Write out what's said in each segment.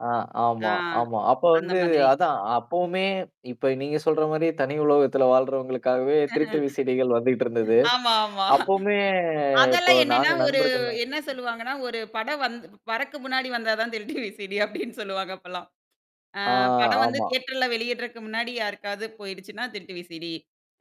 ஆ. ஆமா, ஆ. ஆமா. அப்ப அந்த வந்து மாதிரி. அதான் அப்பவுமே இப்ப நீங்க சொல்ற மாரி தனி உலகத்துல வாழ்றவங்களுக்காகவே ஆஹ. திருட்டு விசடிகள் வந்துட்டு இருந்தது. ஆமா, ஆமா. அப்பவுமே இப்போ அதெல்லாம் என்னன்னா, நாங்க ஒரு நண்பர்கள்லாம் என்ன சொல்லுவாங்கன்னா, ஒரு படம் வந் வரக்கு முன்னாடி வந்தா தான் திருட்டு விசிடி அப்படின்னு சொல்லுவாங்க அப்பலாம். ஆ. ஆ படம் வந்து ஆமா. தியேட்டர்ல வெளியிடறக்கு முன்னாடி யாருக்காவது போயிடுச்சுன்னா திருட்டு விசடி.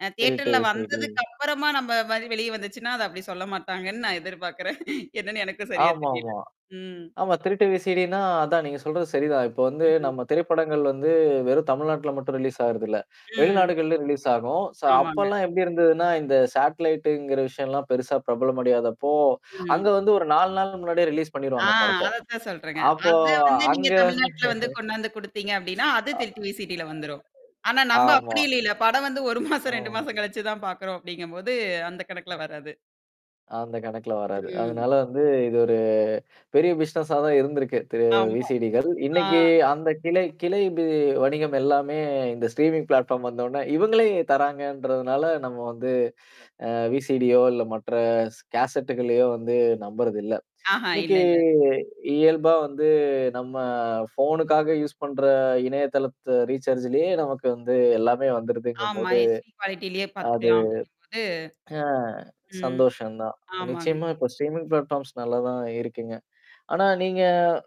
அ திருட்டு தியேட்டர்ல விசிடி. வந்ததுக்குப்புறமா நம்ம மாரி வெளிய வந்துச்சுன்னா, அத அப்படி சொல்ல மாட்டாங்கன்னு நான் எதிர்பார்க்குறேன். என்னன்னு எனக்கும் சரியா தெரியல. ஆமாமா. ம். ஆமா, திருட்டு விசிடினா அதான். நீங்க சொல்றது சரிதான். இப்போ வந்து ம். நம்ம திரைப்படங்கள் வந்து வெறும் தமிழ்நாட்டுல மட்டும் ரிலீஸ் ஆகுறத இல்ல. ம். வெளிநாடுகள்ல ரிலீஸ் ஆகும். சோ ஆமாங்க. அப்பலாம் எப்படி இருந்ததுன்னா, இந்த சாட்லைடங்கிற விஷயம்லாம் பெருசா பிரபலம் அடியாதப்போ அங்க ம். வந்து ஒரு 4 நாள் முன்னாடியே ரிலீஸ் ஆ பண்ணிருவாங்க படத்த. அதத்தான் சொல்றேங்க. அப்போ அதான் வந்து நீங்க அங்க வந்து தமிழ்நாட்ல வந்து கொண்டாந்து குடுத்தீங்க அப்படின்னா, அது அ. திருட்டு விசிடில வந்துரும். ஆனா நம்ப ஆமா. அப்படி இல்லல. படம் வந்து 1 மாசம், 2 ஓ! மாசம் கழிச்சு தான் பார்க்கறோம் அப்படிங்கும்போது அந்த கணக்குல வராது. அந்த கணக்குல வராது. ம். அதனால வந்து, இது ஒரு பெரிய பிசினஸா தான் இருந்திருக்கு, திரு ஆமா. விசிடிகள். ஆ. இன்னைக்கு அந்த கிளை கிளை பி வணிகம் எல்லாமே இந்த ஸ்ட்ரீமிங் பிளாட்ஃபார்ம் வந்த உடனே இவங்களே தராங்கன்றதுனால, நம்ம வந்து அ விசிடியோ இல்ல மற்ற ஸ் கேசட்டு்களையோ வந்து நம்புறது இல்ல. ஆஹா, இல்ல, இன்னைக்கு இல்ல. இயல்பா வந்து நம்ம ஃபோனுக்காக யூஸ் பண்ற இணையதளத்த ரீசார்ஜ்லயே நமக்கு வந்து எல்லாமே ஆமா. வந்துருதுங்கும்போது, எச்சிடி குவாலிட்டிலயே அது பார்த்துக்கலாம் அப்டிங்கும்போது ஆ ம். சந்தோஷம் தான். ஆமாங்க. நிச்சயமா இப்போ ஸ்ட்ரீமிங் பிளாடஃபார்ம்ஸ் நல்லா தான் இருக்குங்க. ஆனா, நீங்க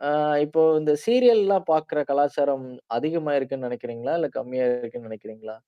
அ இப்போ இந்த சீரியல்லாம் பார்கற கலாச்சாரம் அதிகமாயிருக்குன்னு நெனைக்கிறீங்களா? இல்ல கம்மியா இருக்குன்னு நெனைக்கிறீங்களா?